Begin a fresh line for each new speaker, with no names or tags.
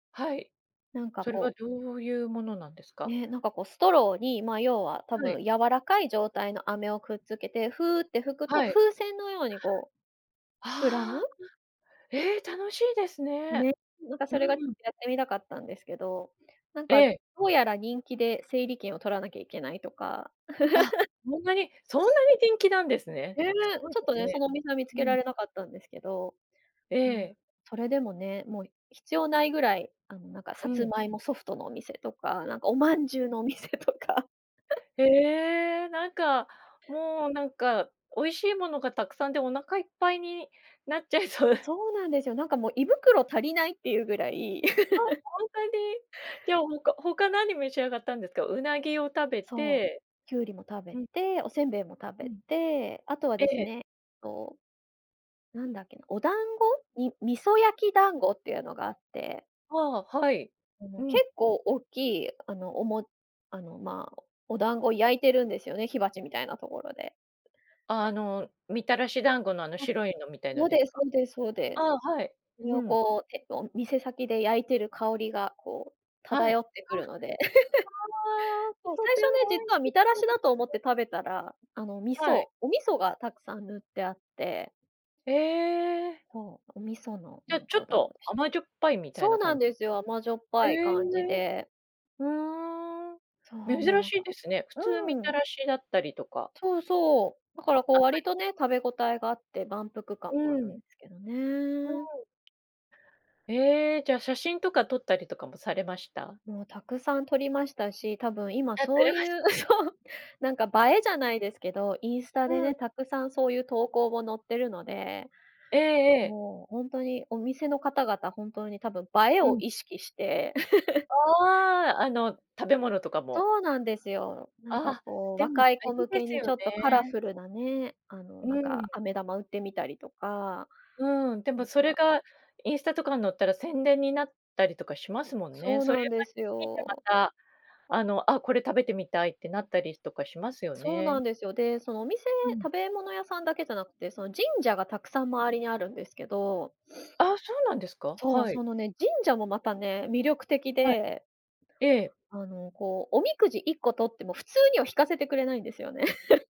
はい、
なんか
それは
こう
どういうものなんですか？
ねえ、なんかこう、ストローに、まあ要は、多
はい。
分柔らかい状態の飴をくっつけて、フーって吹くと、
はい。
風船のようにこう、膨らむ。
ああ、あ。ええ、楽しいですね。
ね、なんか
う
それがや
ん。
ってみたかったんですけど、なん
え
か、
え。
どうやら人気で整理券を取らなきゃいけないとか。
あ、そんなにそんなに人気なんですね。
ええ、
すごい
ちょっ
で
と
す
ね、そ
ね。
のお店は見つ
う
け
ん。
られなかったんですけど、
え
うん、
え。
それでもね、もう、必要ないぐらい、あの、なんか
う
さつ
ん。
まいもソフトのお店とか、なんかお饅頭
[unintelligible]
のお店とか。
へえ、なんか、もうなんか、美味しいものがたくさんでお腹いっぱいになっちゃいそう。
そうなんですよ。なんかもう胃袋足りないっていうぐらい。
あ、ほんとに。じゃあ他、他何召し上がったんですか、鰻を食べ
そう、
て、
きゅうりも食べ
うん。
て、お煎餅も食
う
べ
ん。
て、あとは
え
です
え。
ね、と、なんだっけな、お団子み味噌焼き団子っていうのがあって。
ああ、はい、
あ
う
の結
ん。
構おっきい、あのおもあのま、お団子焼いてるんですよね、火鉢みたいなところで。
あの、みたらし団子のあの
あ、
白いのみたいの
そう
で
で
す
す
か？
そうですそうで
あ
す。
あ、はい。
それ
う
を
ん。
こう、て、と、店先で焼いてる香りがこう
は
漂
い。
ってく
あ
るので。
あ、あ あ、
そう、
と
最
て
初ね、
も美味
実はみ
し
たら
そう
し
で
だ
す
と思っ
ね。
て食べたら、あの、味
はい。
噌お味噌がたくさん塗ってあって。
ええ。
そう、お味噌の
じ
な
ゃ、
ん
ちょ
か
っ
お団
と、
子でし。
甘じょっぱいみたい
そ
な
うなん
感。
ですよ、甘じょっ
え
ぱい
え。
感じで。
うーん。
そうもう
珍
なん
しい
か、
ですね。普通み
う
た
ん。
らしだったりとか。
そうそう。だか
も、
らこ
甘
う
い。
割とね、食べ応えがあって、満腹
う
感もあるんで
ん。
すけどね。
うん。ええ、じゃ写真とか撮ったりとかもされました？
もうたくさん撮りましたし、多分今
やって
そう
らま
い
し。
う、そう、なんか映えじゃないですけど、インスタ
う
で
ん。
ね、たくさんそういう投稿も載ってるので。
ええええ。
もう、ほんとにお店の方々本当に多分映え
う
を
ん。
意識して。
ああ、あの、食べ物とかも。
そうなんですよ。なん
あ
か
あ、
こう、
でも
若い
大
子
事
向
で
け
す
に
よ
ちょっとカラ
ね。
フルなね、あの、なん
うん。
か、飴玉売ってみたりとか。
うん、で
な
も
ん
それ
か。
がインスタとかん載ったら宣伝になったりとかしますもんね。
そう
それ
なんで
は
す
見てま
よ。
た、あの、あ、これ食べてみたいってなったりとかしますよ
そうな
ね。
んですよ。で、そのお店、
うん。
食べ物屋さんだけじゃなくて、その神社がたくさん周りにあるんですけど。
ああ、そうなんですか。
そう、
はい。
そのね、神社もまたね、魅力的
はい。
で。
ええ。
あの、こう、おみくじ1個取っても、普通には引かせてくれないんですよね。